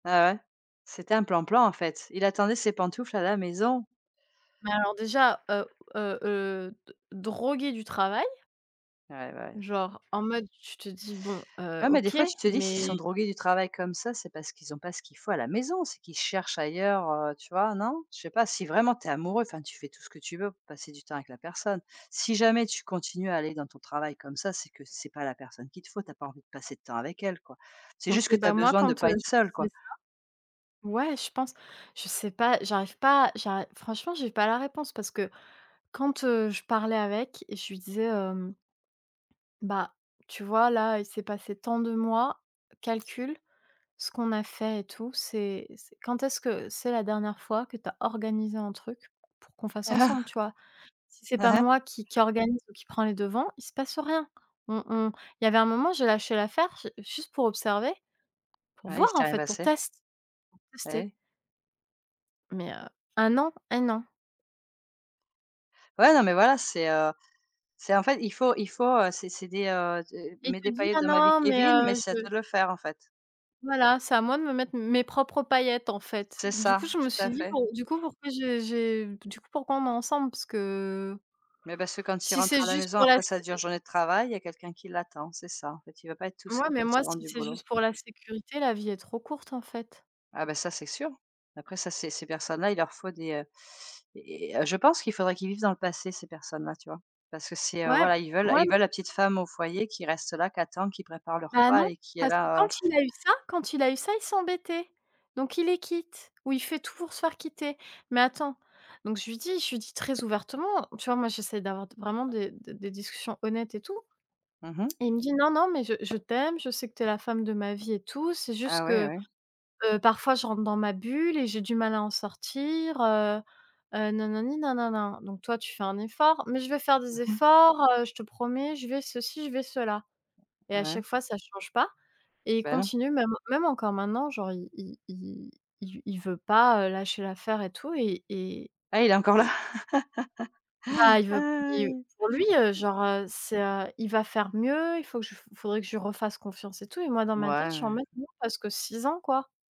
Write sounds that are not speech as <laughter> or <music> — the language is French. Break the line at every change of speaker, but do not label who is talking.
Ouais, ouais. C'était un plan-plan, en fait. Il attendait ses pantoufles à la maison.
Mais alors déjà, heu heu heu, d drogué du travail.
Ouais bah, ouais.
Genre, en mode, tu te dis: «Bon, heu,
Ouais, mais des
OK».
fois, tu te dis s'ils sont
Mais
drogués du travail comme ça, c'est parce qu'ils ont pas ce qu'il faut à la maison, c'est qu'ils cherchent ailleurs, heu, tu vois? Non? Je sais pas, si vraiment tu es amoureux, enfin tu fais tout ce que tu veux pour passer du temps avec la personne. Si jamais tu continues à aller dans ton travail comme ça, c'est que c'est pas la personne qu'il te faut, tu as pas envie de passer de temps avec elle, quoi. C'est
OK.
juste que tu as
Bah, moi,
besoin de
quand, heu,
pas être
je lui
seul, quoi.
disais ça ouais, je pense. Je sais pas, j'arrive pas à j'arri enfin franchement, j'ai pas la réponse, parce que, quand, heu, je parlais avec, je lui disais, hem «Bah, tu vois, là, il s'est passé tant de mois, calcule ce qu'on a fait et tout, c'est c'est quand est-ce que c'est la dernière fois que tu as organisé un truc pour qu'on fasse ensemble, tu vois?
<chuckles>
Si c'est
Hein
pas
hein.
moi qui qui organise ou qui prends les devants, il se passe rien». On on il y avait un moment, j'ai lâché l'affaire j juste pour observer, pour
Bah oui,
voir,
si tu
en
y arrives
fait, pour
assez.
test pour
Et
tester
oui.
mais heu, 1 an, 1 an.
Ouais, non, mais voilà, c'est, heu, c'est en fait, il faut il faut c'est c'est des, heu, c'est
Et il
mets des
te dit: «Ah
paillettes dans ma vie
non, mais,
Kévin mais
heu,
c'est à
je»
toi de le faire, en fait.
Voilà, c'est à moi de me mettre mes propres paillettes, en fait.
C'est
Du
ça,
coup, je me
tout
suis
à
dit:
fait.
«Bon, du coup pourquoi j'ai j'ai du coup pourquoi on est ensemble?» Parce que
Mais, parce que quand il
si
rentre
c'est
à la
juste
maison
pour la
après
s
sa dure journée de travail, il y a quelqu'un qui l'attend, c'est ça. En fait, il veut pas être tout
ouais,
seul
mais
quand il
moi,
rentre
si
du
c'est
boulot.
juste pour la sécurité, la vie est trop courte, en fait.
Ah bah ça, c'est sûr. Après ça ces ces personnes là, il leur faut des, heu, eh, je pense qu'il faudrait qu'ils vivent dans le passé ces personnes là, tu vois? Parce que c'est
Ouais,
voilà, ils veulent
mouais
ils
m
veulent la petite femme au foyer qui reste là, qui attend, qui prépare le
Bah
repas
non,
et qui est
parce que quand
là.
il a eu ça, quand il a eu ça, il s'embêtait. Donc, il les quitte ou il fait tout pour se faire quitter. Mais attends, donc, je lui dis je lui dis très ouvertement: «Tu vois, moi, j'essaie d'avoir d vraiment des des des discussions honnêtes et tout».
Mmh mh.
Il me dit «Non, non, mais je je t'aime, je sais que tu es la femme de ma vie et tout, c'est juste
Ah ouais,
que,
ouais.
heu, parfois, je rentre dans ma bulle et j'ai du mal à en sortir», heu, heu, nanani, nanana. Donc toi, tu fais un effort, «Mais je vais faire des
Mmh mh.
efforts, heu, je te promets», je vais ceci, je vais cela. Et à
Ouais.
chaque fois, ça change pas. Et il
Bah, non.
continue même même encore maintenant, genre il il il il v il veut pas, heu, lâcher l'affaire et tout et et
Ah, il est encore là.
et Bah, il veut il
<laughs>
pour lui, heu, genre, heu, c'est, heu, il va faire mieux, il faut que je f faudrait que je lui refasse confiance et tout et moi dans ma tête je suis en
Ouais.
mode: «Non, parce que 6 ans, quoi».